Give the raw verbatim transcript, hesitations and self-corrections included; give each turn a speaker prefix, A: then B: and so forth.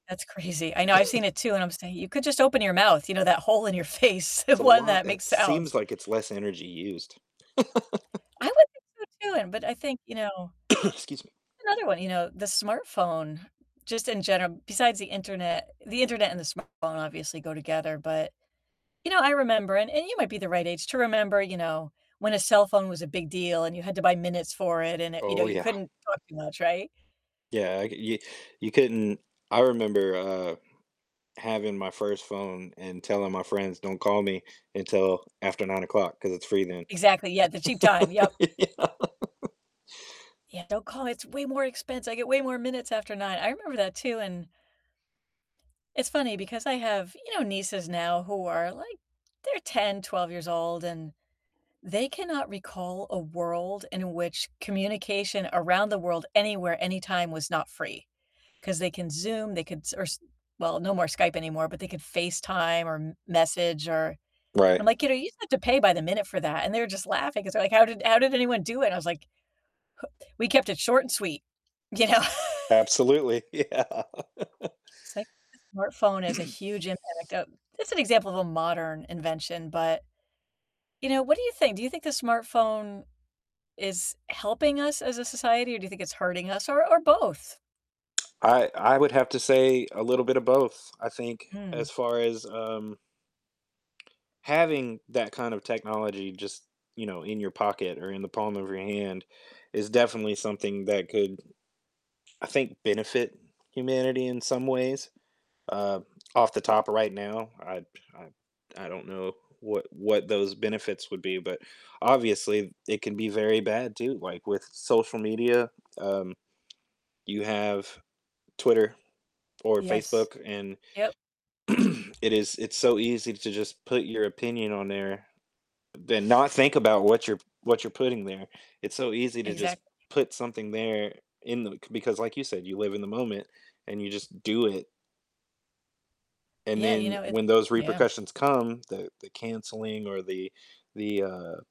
A: That's crazy, I know, I've seen it too, and I would say, "You could just open your mouth, you know? That hole in your face, the
B: It's a
A: one
B: lot
A: that makes
B: it seems
A: sounds."
B: like it's less energy used.
A: I would think so too, and but I think, you know
B: Excuse me.
A: another one, you know, the smartphone, just in general besides the internet the internet and the smartphone obviously go together, but, you know, I remember and and you might be the right age to remember, you know, when a cellphone was a big deal and you had to buy minutes for it and it you know,
B: Oh,
A: you
B: yeah.
A: couldn't talk too much, right?
B: Yeah, I c y you couldn't I remember, uh, having my first phone and telling my friends, "Don't call me until after nine o'clock 'cause it's free then."
A: Exactly, yeah, the cheap time yep.
B: Yeah.
A: Yeah, "Don't call, it's way more expens I get way more minutes after nine." I remember that too, and it's funny because I have, you know, nieces now who are, like they're ten, twelve years old, and they cannot recall a world in which communication around the world anywhere, anytime was not free. 'Cause they can Zoom, they could s or s well, no more Skype anymore, but they could FaceTime or m message or and
B: Right.
A: I'm like, "You know, you used to have to pay by the minute for that," and they were just laughing 'cause they're like, "How did how did anyone do it?" and I was like, "H we kept it short and sweet," you know?
B: Absolutely, yeah.
A: It's like the smartphone is a huge impact o it's an example of a modern invention, but, you know, what do you think? Do you think the smartphone is helping us as a society or do you think it's hurting us, or or both?
B: I I would have to say a little bit of both, I think, as
A: Mm.
B: far as, um having that kind of technology just, you know, in your pocket or in the palm of your hand is definitely something that could, I think, benefit humanity in some ways, uh, off the top right now, I p I I don't know what what those benefits would be, but obviously it can be very bad too, like with social media, um, you have Twitter or
A: Yes.
B: Facebook, and
A: Yep.
B: it is it's so easy to just put your opinion on there, then not think about what you're p what you're putting there, it's so easy to just
A: Exactly.
B: put something there in the c because like you said, you live in the moment, and you just do it. And
A: Yeah, you
B: then,
A: know, it
B: when those
A: yeah.
B: repercussions come the the canceling or the the, uh